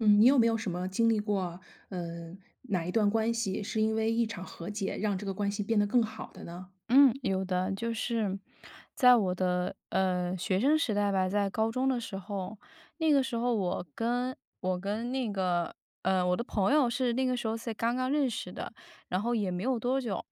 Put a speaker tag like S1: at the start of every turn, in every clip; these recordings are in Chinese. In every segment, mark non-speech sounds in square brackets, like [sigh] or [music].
S1: 嗯，你有没有什么经历过，嗯，哪1段关系是因为1场和解让这个关系变得更好的呢？
S2: 嗯，有的。就是在我的，呃，学生时代吧，在高中的时候，那个时候我跟我跟那个，呃，我的朋友是那个时候才刚刚认识的，然后也没有多久，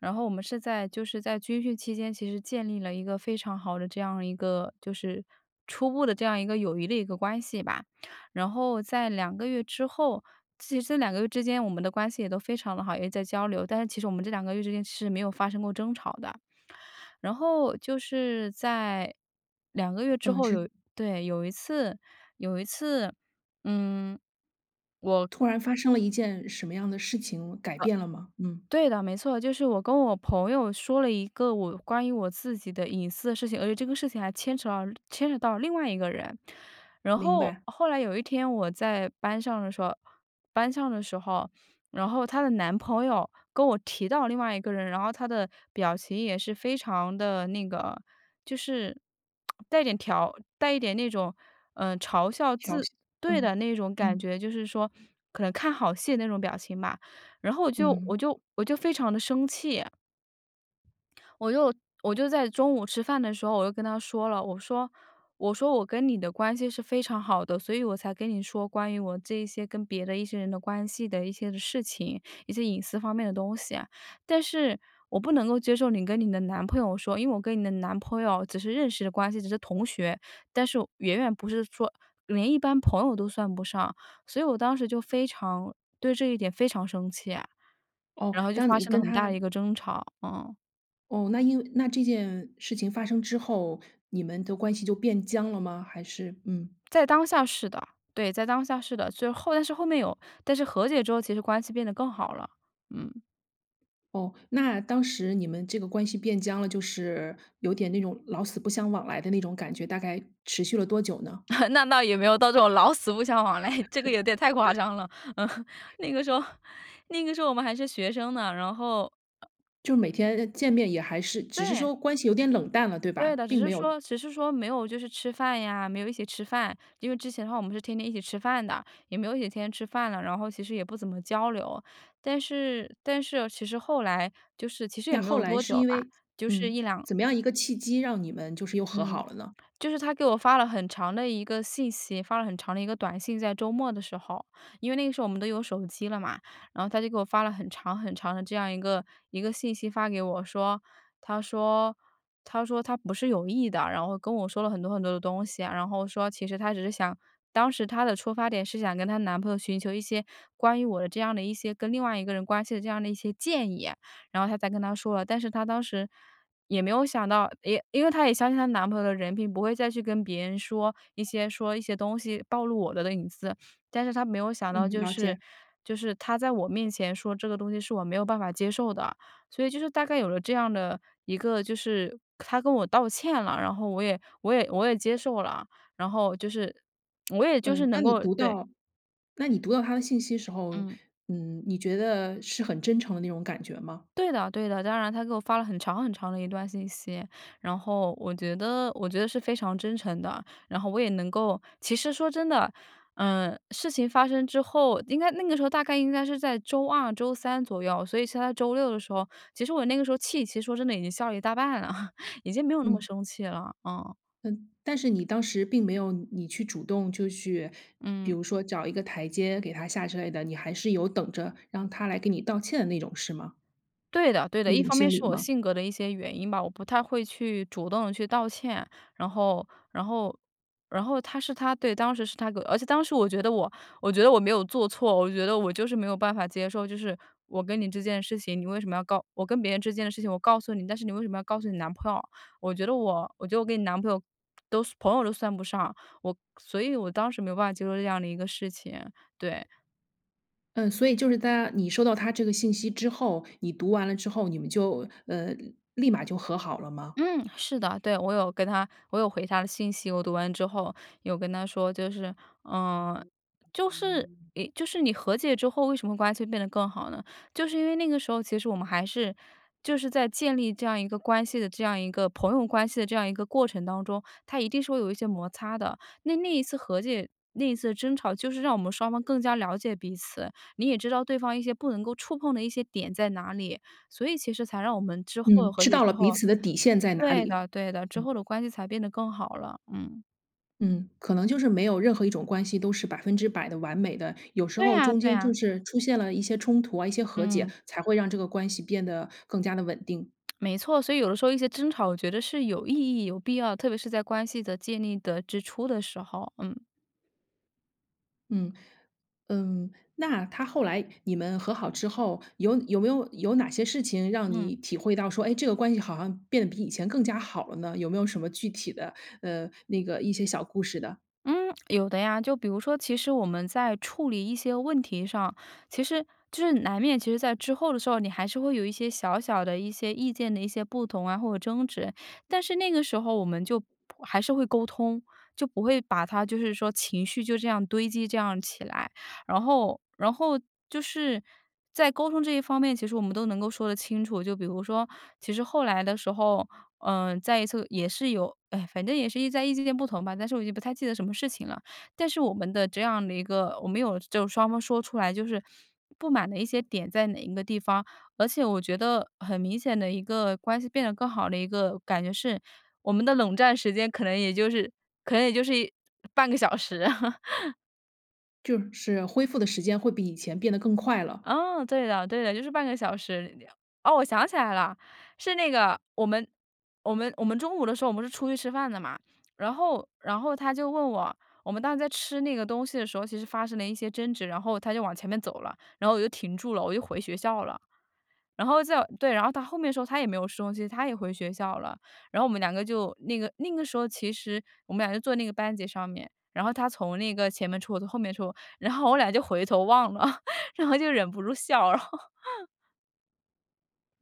S2: 然后我们是在就是在军训期间其实建立了一个非常好的这样一个就是初步的这样一个友谊的一个关系吧。然后在2个月之后其实这2个月之间，我们的关系也都非常地好，也在交流，但是其实我们这2个月之间是没有发生过争吵的。然后就是在2个月之
S1: 嗯。
S2: 后
S1: 之
S2: 有对，有一次有一次，嗯，我
S1: 突然发生了一件什么样的事情改
S2: 呃，
S1: 变了吗？嗯。
S2: 对的，没错。就是我跟我朋友说了一个我关于我自己的隐私的事情，而且这个事情还牵扯到牵扯到另外一个人。然
S1: 明
S2: 后
S1: 白。
S2: 后来有一天我在班上的时候班上的时候，然后她的男朋友跟我提到另外一个人，然后他的表情也是非常的那个就是 [clicks tongue] 带点挑带一点那种，呃，嘲笑
S1: 挑
S2: 字
S1: 衅
S2: 对的，
S1: 嗯，
S2: 那种感
S1: 嗯。
S2: 觉，就是说可能看好戏那种表情吧，然后我就
S1: 嗯。
S2: 我就我就非常地生气。我就我就在中午吃饭的时候，我就跟她说了，我说我说：“我跟你的关系是非常好的，所以我才跟你说关于我这一些跟别的一些人的关系的一些的事情，一些隐私方面的东西。但是我不能够接受你跟你的男朋友说，因为我跟你的男朋友只是认识的关系，只是同学，但是远远不是说连一般朋友都算不上。”所以我当时就非常对这一点非常生气，
S1: 哦，
S2: 然后就
S1: 但
S2: 发
S1: 你
S2: 生了
S1: 跟
S2: 很大
S1: 她
S2: 的一个争吵。嗯。
S1: 哦，那因为那这件事情发生之后，你们的关系就变僵了吗？还是，嗯
S2: 在当下是的，对，在当下是的，虽然来是后面有但是和解之后其实关系变得更好了。嗯。
S1: 哦，那当时你们这个关系变僵了，就是有点那种老死不相往来的那种感觉，大概持续了多久呢？
S2: [laughs] 那倒也没有到这种老死不相往来，这个有点太夸
S1: [laughs]
S2: 张了，嗯。那个时候那个时候我们还是学生呢，然后，呃
S1: 就每天见面也还是只是
S2: 对。
S1: 说关系有点冷淡了，对
S2: 对
S1: 吧？
S2: 的。只
S1: 并
S2: 是
S1: 没有
S2: 说只是说没有就是吃饭呀，没有一起吃饭，因为之前的话我们是天天一起吃饭的，也没有一起天天吃饭了，然后其实也不怎么交流。但是但是哦，其实后来就是其实也
S1: 那
S2: 没
S1: 后
S2: 有
S1: 来
S2: 多
S1: 是
S2: 久
S1: 因
S2: 吧，
S1: 为
S2: 就是
S1: 嗯，
S2: 1-2
S1: 怎么样一个契机让你们就是又和
S2: 嗯，
S1: 好了呢？
S2: 就是她给我发了很长的一个信息，发了很长的一个短信，在周末的时候。因为那个时候我们都有手机了嘛，然后她就给我发了很长很长的这样一个一个信息发给我说，她说她说她不是有意的，然后跟我说了很多很多的东西啊，然后说其实她只是想当时她的出发点是想跟她男朋友寻求一些关于我的这样的一些跟另外一个人关系的这样的一些建议，然后她才跟他说了。但是她当时也没有想到，也因为她也相信她男朋友的人品，不会再去跟别人说一些说一些东西暴露我的的隐私。但是她没有想到
S1: 嗯，
S2: 就
S1: 了
S2: 是
S1: 解。
S2: 就是他在我面前说这个东西是我没有办法接受的。所以就是大概有了这样的一个就是她跟我道歉了，然后我也我也我也接受了，然后就是我也就
S1: 嗯，
S2: 是能
S1: 当你
S2: 够
S1: 读
S2: 对。
S1: 到那你读到她的信息的时候，
S2: 嗯。
S1: 嗯，你觉得是很真诚的那种感觉吗？
S2: 对的对的。当然她给我发了很长很长的一段信息，然后我觉得我觉得是非常真诚的，然后我也能够其实说真的，呃，事情发生之后，应该那个时候大概应该是在周二周三左右，所以是她周六的时候，其实我那个时候气其实说真的已经消了一大半了，[chuckles] 已经没有那么
S1: 嗯。
S2: 生气了，嗯。
S1: 嗯，但是你当时并没有你你去主动，就去比
S2: 嗯。
S1: 如说找一个台阶给她下之类的，你还是有等着让她来给你道歉的那种，是吗？
S2: 对的对的。
S1: 那
S2: 一
S1: 种
S2: 方面
S1: 心理
S2: 是我
S1: 吗？
S2: 性格的一些原因吧，我不太会去主动地去道歉。然后然后然后她是她对，当时是她呃，而且当时我觉得我我觉得我没有做错。我觉得我就是没有办法接受，就是我跟你这件事情，你为什么要告我跟别人之间的事情我告诉你，但是你为什么要告诉你男朋友？我觉得我我觉得我跟你男朋友都算朋友都算不上，我所以我当时没有办法接受这样的一个事情。对。
S1: 嗯，所以就是她你收到她这个信息之后，你读完了之后，你们就，呃，立马就和好了吗？
S2: 嗯，是的。对，我有跟她，我有回她的信息。我读完之后，有跟她说，就是，呃，就是，一就是你和解之后为什么关系变得更好呢？就是因为那个时候，其实我们还是就是在建立这样一个关系的，这样一个朋友关系的这样一个过程当中，它一定是会有一些摩擦的。那那一次和解、那一次的争吵，就是让我们双方更加了解彼此。你也知道对方一些不能够触碰的一些点在哪里，所以其实才让我们之后
S1: 嗯，
S2: 和
S1: 知
S2: 解
S1: 道
S2: 之
S1: 了彼
S2: 后，
S1: 此的底线在哪
S2: 对
S1: 里。
S2: 的对的，之
S1: 嗯。
S2: 后的关系才变得更好了，嗯。
S1: 嗯，可能就是没有任何一种关系，都是100%的完美的。有时
S2: 对
S1: 候
S2: 啊
S1: 中
S2: 对
S1: 间就
S2: 啊。
S1: 是出现了一些冲突啊、一些和解，
S2: 嗯。
S1: 才会让这个关系变得，更加的稳定。
S2: 没错，所以有的时候一些争吵，我觉得是有意义、有必要，特别是在关系的建立的之初的时候。嗯。
S1: 嗯嗯。那她后来你们和好之后，有有没有有哪些事情让
S2: 嗯。
S1: 你体会到说，哎，这个关系好像变得比以前更加好了呢？有没有什么具体的呃，那个一些小故事的？
S2: 嗯，有的呀。就比如说其实我们在处理一些问题上，其实就是难免，其实在之后的时候，你还是会有一些小小的一些意见的一些不同啊，或者争执。但是那个时候我们就还是会沟通，就不会把它就是说情绪就这样堆积这样起来。然后然后就是在沟通这一方面，其实我们都能够说得清楚。就比如说，其实后来的时候，呃，再一次也是有唉，反正也是意在意见不同吧，但是我也不太记得什么事情了。但是我们的这样的一个我们有就双方说出来就是不满的一些点在哪一个地方。而且我觉得很明显的一个关系变得更好的一个感觉是，我们的冷战时间可能也就是可能也就是1半个小时。[chuckles]
S1: 就是恢复的时间会比以前变得更快了。
S2: 啊，对的，对的，就是半个小时。哦，我想起来了，是那个，我们我们我们中午的时候我们是出去吃饭的嘛，然后然后她就问我，我们当时在吃那个东西的时候，其实发生了一些争执，然后她就往前面走了，然后我就停住了，我就回学校了。然后在对，然后她后面的时候她也没有收心，她也回学校了。然后我们两个就那个那个时候其实我们俩就坐那个班级上面，然后她从那个前面出，我从后面出，然后我俩就回头望了，[laughs] 然后就忍不住笑了。[laughs]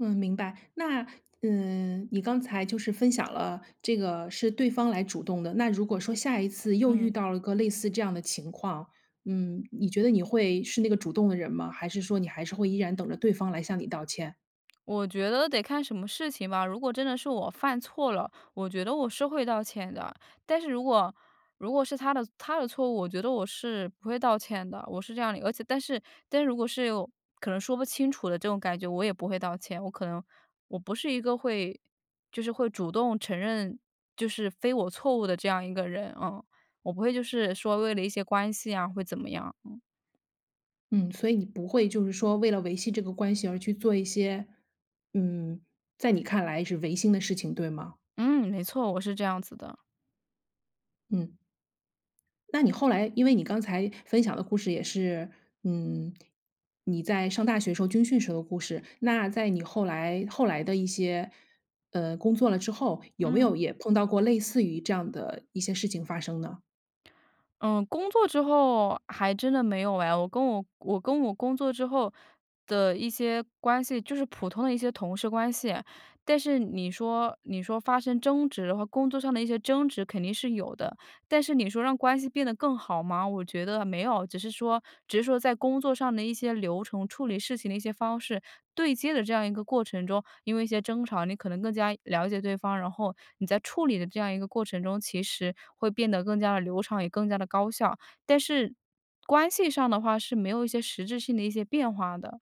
S1: 嗯，明白。那，嗯，你刚才就是分享了这个是对方来主动的。那如果说下一次又遇
S2: 嗯。
S1: 到了个类似这样的情况，嗯，你觉得你会是那个主动的人吗？还是说你还是会依然等着对方来向你道歉？
S2: 我觉得得看什么事情吧。如果真的是我犯错了，我觉得我是会道歉的。但是如果如果是她的她的错误，我觉得我是不会道歉的，我是这样的，而且但是但如果是可能说不清楚的这种感觉，我也不会道歉。我可能我不是一个会就是会主动承认就是非我错误的这样一个人。嗯，我不会就是说为了一些关系啊，会怎么样。嗯。
S1: 嗯，所以你不会就是说，为了维系这个关系而去做一些，嗯，在你看来是违心的事情，对吗？
S2: 嗯，没错，我是这样子的。
S1: 嗯。那你后来因为你刚才分享的故事也是，嗯，你在上大学时候、军训时候的故事。那在你后来后来的一些呃，工作了之后，有没
S2: 嗯。
S1: 有也碰到过类似于这样的一些事情发生呢？
S2: 嗯，工作之后，还真的没有哎。我跟我我跟我工作之后的一些关系，就是普通的一些同事关系。但是你说你说发生争执，和工作上的一些争执肯定是有的。但是你说让关系变得更好吗？我觉得没有。只是说只是说在工作上的一些流程，处理事情的一些方式，对接的这样一个过程中，因为一些争吵，你可能更加了解对方，然后你在处理的这样一个过程中，其实会变得更加地流畅，也更加地高效。但是关系上的话，是没有一些实质性的一些变化的。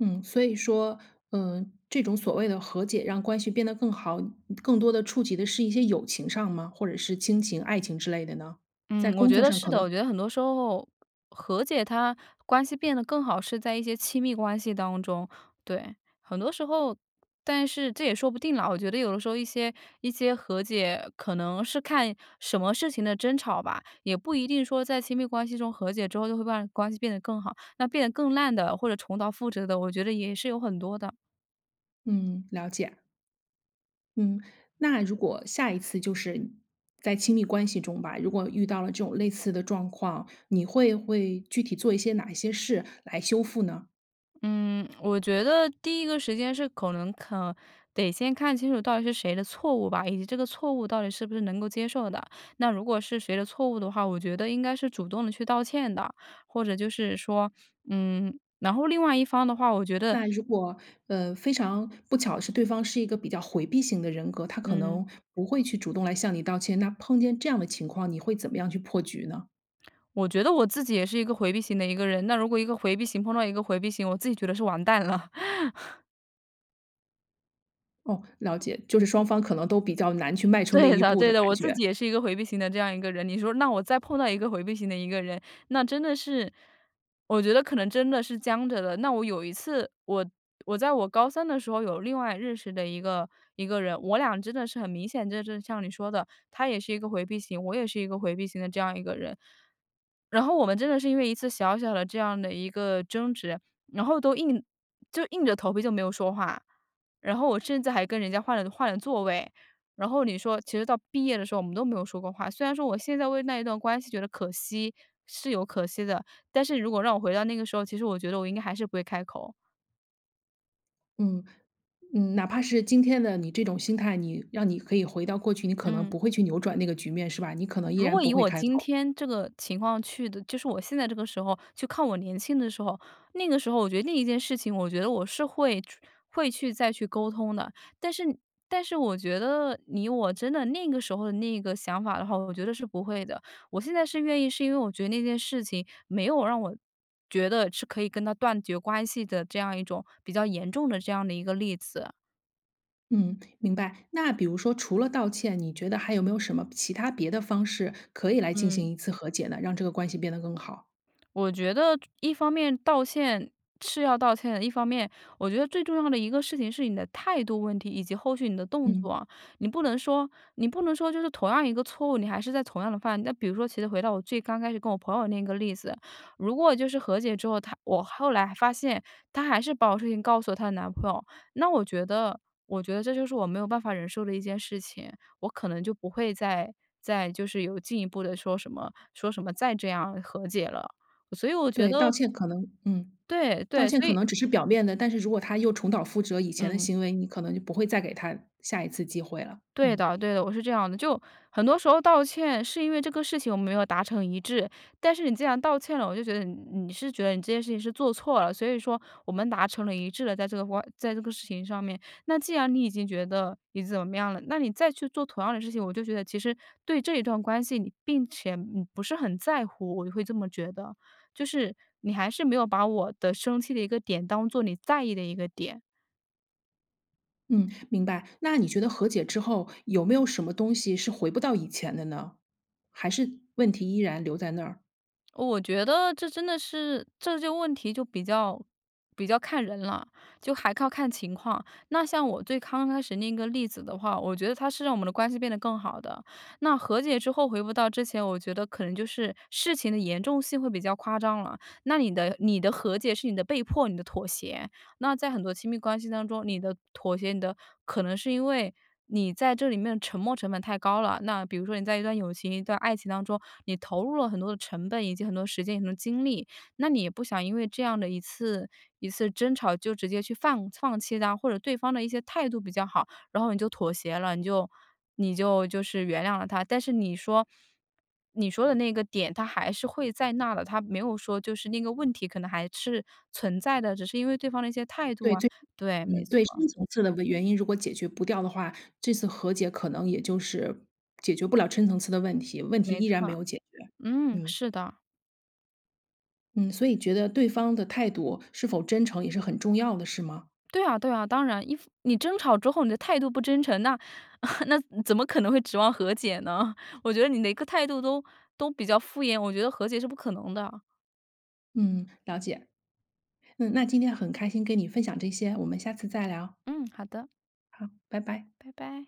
S1: 嗯，所以说嗯，这种所谓的和解让关系变得更好，更多地触及的是一些友情上吗？或者是亲情、爱情之类的呢？在
S2: 嗯，我
S1: 工
S2: 觉
S1: 作
S2: 得
S1: 上
S2: 是
S1: 可
S2: 的。我
S1: 能
S2: 觉得很多时候，和解它关系变得更好，是在一些亲密关系当中。对，很多时候但是这也说不定了。我觉得有的时候，一些一些和解，可能是看什么事情的争吵吧。也不一定说在亲密关系中，和解之后就会把关系变得更好。那变得更烂的，或者重蹈覆辙的，我觉得也是有很多的。
S1: 嗯，了解。嗯，那如果下一次就是在亲密关系中吧，如果遇到了这种类似的状况，你会会具体做一些哪一些事来修复呢？
S2: 嗯，我觉得第1个时间是可能可得先看清楚到底是谁的错误吧，以及这个错误到底是不是能够接受的。那如果是谁的错误的话，我觉得应该是主动地去道歉的。或者就是说嗯，然后另外一方的话，我觉得
S1: 那如果，呃，非常不巧的是对方是一个比较回避型的人格，他可
S2: 嗯。
S1: 能不会去主动来向你道歉，那碰见这样的情况，你会怎么样去破局呢？
S2: 我觉得我自己也是一个回避型的一个人，那如果一个回避型碰到一个回避型，我自己觉得是完蛋了。[laughs]
S1: 哦，了解，就是双方可能都比较难去迈出那
S2: 对
S1: 一
S2: 的
S1: 步的
S2: 对的。
S1: 感
S2: 我自
S1: 觉。
S2: 己也是一个回避型的这样一个人，你说那我再碰到一个回避型的一个人，那真的是我觉得可能真的是僵着的。那我有一次，我我在我高3的时候有另外认识的一个一个人，我俩真的是很明显，就是像你说的，他也是一个回避型，我也是一个回避型的这样一个人。然后我们真的是因为一次小小的这样的一个争执，然后都硬就硬着头皮就没有说话，然后我甚至还跟人家换了换了座位，然后你说其实到毕业的时候，我们都没有说过话。虽然说我现在为那一段关系觉得可惜，是有可惜的，但是如果让我回到那个时候，其实我觉得我应该还是不会开口。
S1: 嗯，嗯哪怕是今天的你这种心态，你让你可以回到过去，你可能
S2: 嗯。
S1: 不会去扭转那个局面，是吧？你可能依
S2: 如
S1: 然
S2: 果
S1: 不
S2: 以
S1: 会
S2: 我
S1: 开
S2: 今
S1: 口？
S2: 天这个情况去的就是我现在这个时候去看我年轻的时候，那个时候我觉得那一件事情，我觉得我是会去会去再去沟通的。但是但是我觉得以我真的那个时候的那个想法的话，我觉得是不会的。我现在是愿意，是因为我觉得那件事情没有让我，觉得是可以跟她断绝关系的这样一种比较严重的这样的一个例子。
S1: 嗯，明白，那比如说除了道歉，你觉得还有没有什么其它别的方式可以来进
S2: 嗯。
S1: 行一次和解呢？让这个关系变得更好。
S2: 我觉得，一方面道歉是要道歉的，一方面，我觉得最重要的一个事情是你的态度问题以及后续你的动
S1: 嗯。
S2: 作。你不能说你不能说就是同样一个错误，你还是在同样地犯。那比如说其实回到我最刚开始跟我朋友那一个例子，如果就是和解之后，她我后来发现，她还是把我事情告诉了她的男朋友，那我觉得我觉得这就是我没有办法忍受的一件事情，我可能就不会再再就是有进一步地说什么说什么再这样和解了。所以我觉
S1: 对，道
S2: 得
S1: 歉可能嗯。
S2: 对
S1: 道
S2: 对，
S1: 歉
S2: 所
S1: 可
S2: 以
S1: 能只是表面的，但是如果他又重蹈覆辙以前的
S2: 嗯。
S1: 行为，你可能就不会再给他下一次机会了，
S2: 对
S1: 嗯。
S2: 的对的，我是这样的。就很多时候道歉是因为这个事情我们没有达成一致。但是你既然道歉了，我就觉得你你是觉得你这件事情是做错了，所以说，我们达成了一致了，在这个话在这个事情上面。那既然你已经觉得你怎么样了，那你再去做同样的事情，我就觉得其实对这一段关系你并且你不是很在乎，我就会这么觉得。就是你还是没有把我的生气的一个点，当作你在意的一个点。
S1: 嗯，明白。那你觉得和解之后，有没有什么东西是回不到以前的呢？还是问题依然留在那儿？
S2: 哦，我觉得这真的是，这些问题就比较比较看人了，就还靠看情况。那像我最刚开始那个例子的话，我觉得它是让我们的关系变得更好的。那和解之后回不到之前，我觉得可能就是，事情的严重性会比较夸张了，那你的你的和解是你的被迫、你的妥协。那在很多亲密关系当中，你的妥协你的可能是因为，你在这里面沉没成本太高了。那比如说你在一段友情、一段爱情当中，你投入了很多的成本，以及很多时间、很多精力，那你也不想因为这样的一次一次争吵就直接去放放弃他，或者对方的一些态度比较好，然后你就妥协了，你就你就就是原谅了他。但是你说你说的那个点他还是会在那儿的，他没有说就是那个问题可能还是存在的，只是因为对方的一些态度
S1: 对，
S2: 啊
S1: 最
S2: 对，没
S1: 嗯，对，
S2: 错。
S1: 深层次的原因，如果解决不掉的话，这次和解可能也就是，解决不了深层次的问题，问题
S2: 没
S1: 依然没
S2: 错，
S1: 有解决。
S2: 嗯，
S1: 嗯。
S2: 是的。
S1: 嗯，所以觉得对方的态度是否真诚也是很重要的是吗？
S2: 对啊对啊，当然一副你争吵之后你的态度不真诚，那 [chuckles] 那怎么可能会指望和解呢？我觉得你的一个态度都都比较敷衍，我觉得和解是不可能的。
S1: 嗯，了解。嗯，那今天很开心跟你分享这些，我们下次再聊。
S2: 嗯，好的。
S1: 好，拜拜。
S2: 拜拜。